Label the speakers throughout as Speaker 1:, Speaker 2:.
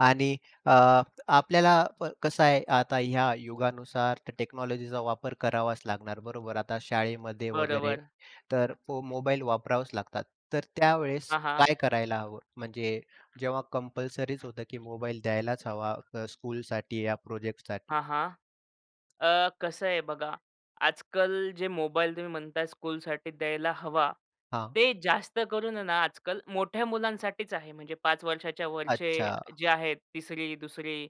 Speaker 1: आणि अ, आपल्याला कसं आहे आता ह्या युगानुसार त्या टेक्नॉलॉजीचा वापर करावाच लागणार, बरोबर. आता शाळेमध्ये वगैरे
Speaker 2: बरोबर.
Speaker 1: तर मोबाईल वापरावाच लागतात. तर त्यावेळेस
Speaker 2: हां, हां.
Speaker 1: काय करायला हवं? म्हणजे जेव्हा कंपल्सरीच होतं की मोबाईल द्यायलाच हवा स्कूलसाठी या प्रोजेक्टसाठी.
Speaker 2: हां, हां. अ, कसं आहे बघा आजकाल जे मोबाईल तुम्ही म्हणताय स्कूलसाठी द्यायला हवा,
Speaker 1: हां.
Speaker 2: ते जास्त करून ना आजकाल मोठ्या मुलांसाठीच आहे. म्हणजे 5 वर्षाच्या वरचे
Speaker 1: अच्छा.
Speaker 2: जे आहेत 3री-2री.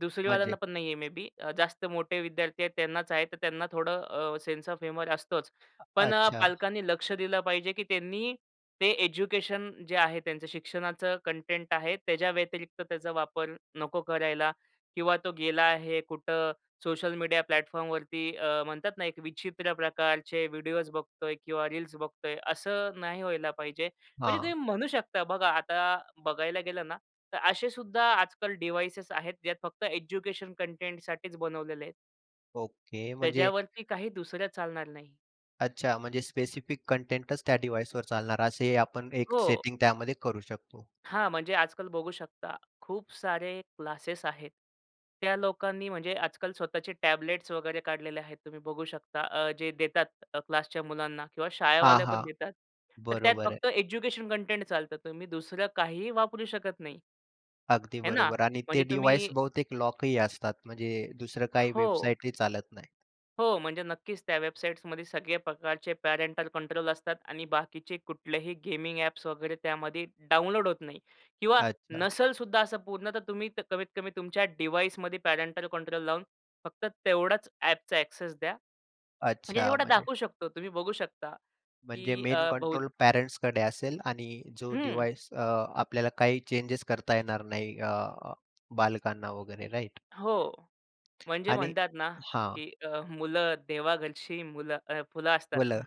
Speaker 2: 2री
Speaker 1: म्हणजे
Speaker 2: वाल्यांना पण नाहीये मे बी जास्त मोठे विद्यार्थी आहेत त्यांनाच आहे. तर त्यांना थोडं सेन्स ऑफ ह्युमर असतोच.
Speaker 1: अ
Speaker 2: पण
Speaker 1: अच्छा.
Speaker 2: पालकांनी लक्ष दिलं पाहिजे, की त्यांनी ते एज्युकेशन जे आहे त्यांचं शिक्षणाचं कंटेंट आहे त्याच्या व्यतिरिक्त त्याचा वापर नको करायला किंवा तो गेला आहे कुठं सोशल मीडिया प्लॅटफॉर्मवरती म्हणतात ना एक विचित्र प्रकारचे व्हिडिओस बघतोय किंवा रील्स बघतोय असं नाही व्हायला पाहिजे. म्हणजे तुम्ही
Speaker 1: हां.
Speaker 2: म्हणू शकता बघा आता बघायला गेलं ना तर असे सुद्धा आजकाल डिव्हाइसेस आहेत जे फक्त एज्युकेशन कंटेंटसाठीच बनवलेले आहेत.
Speaker 1: ओके. म्हणजे
Speaker 2: त्याच्यावरती काही दुसरं चालणार नाही.
Speaker 1: अच्छा. म्हणजे स्पेसिफिक कंटेंटच त्या डिव्हाइसवर चालणार असेही आपण एक
Speaker 2: हो.
Speaker 1: सेटिंग त्यामध्ये करू शकतो.
Speaker 2: हां. म्हणजे आजकाल बघू शकता. खूप सारे क्लासेस आहेत, त्या लोकांनी म्हणजे आजकाल स्वतःचे टॅबलेट्स वगैरे काढलेले आहेत. तुम्ही बघू शकता अ, जे देतात क्लासच्या मुलांना किंवा
Speaker 1: हां,
Speaker 2: शाळेवाले
Speaker 1: हां.
Speaker 2: पण देतात. तर त्यात
Speaker 1: बरोबर
Speaker 2: फक्त
Speaker 1: आहे.
Speaker 2: एज्युकेशन कंटेंट चालतं. तुम्ही दुसरं काहीही वापरू शकत नाही.
Speaker 1: अगदी
Speaker 2: है ना.
Speaker 1: बरोबर आणि ते
Speaker 2: म्हणजे
Speaker 1: डिव्हाइस
Speaker 2: तुम्ही
Speaker 1: बहुतेक लॉकही असतात म्हणजे दुसरं काही
Speaker 2: हो.
Speaker 1: वेबसाईटही चालत नाही.
Speaker 2: हो. म्हणजे नक्कीच त्या वेबसाईट्समध्ये सगळे प्रकारचे पॅरेंटल कंट्रोल असतात आणि बाकीचे कुठलेही गेमिंग ॲप्स वगैरे त्यामध्ये डाउनलोड होत नाही किंवा
Speaker 1: अच्छा.
Speaker 2: नसेल सुद्धा असं पूर्ण तुम्ही कमीत कमी तुमच्या डिव्हाइसमध्ये पॅरेंटल कंट्रोल लावून फक्त तेवढाच ॲपचा ॲक्सेस द्या. म्हणजे
Speaker 1: अच्छा
Speaker 2: जेवढा
Speaker 1: म्हणजे
Speaker 2: दाखवू शकतो. तुम्ही बघू शकता,
Speaker 1: म्हणजे
Speaker 2: की
Speaker 1: मेन
Speaker 2: अ, बहू
Speaker 1: कंट्रोल पेरेंट्सकडे असेल आणि जो
Speaker 2: हं.
Speaker 1: डिव्हाइस अ, आपल्याला काही चेंज करता येणार नाही अ, बालकांना वगैरे राइट?
Speaker 2: हो. म्हणजे म्हणतात ना, की अ, मुलं देवाघरची मुलं फुलं असतात.
Speaker 1: मुलं.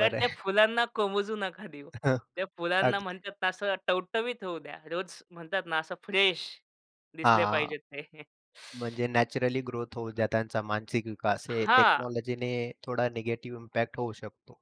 Speaker 2: तर त्या
Speaker 1: आहे.
Speaker 2: फुलांना कोमेजू नका देऊ.
Speaker 1: हं.
Speaker 2: त्या फुलांना
Speaker 1: अगदी.
Speaker 2: म्हणतात ना असं टवटवीत होऊ द्या. रोज म्हणतात ना असं फ्रेश दिसले
Speaker 1: हां.
Speaker 2: पाहिजेत ते.
Speaker 1: म्हणजे नॅचरली ग्रोथ होऊ द्या, त्यांचा मानसिक विकास. हे
Speaker 2: हां.
Speaker 1: टेक्नॉलॉजीने थोडा निगेटिव्ह इम्पॅक्ट होऊ शकतो.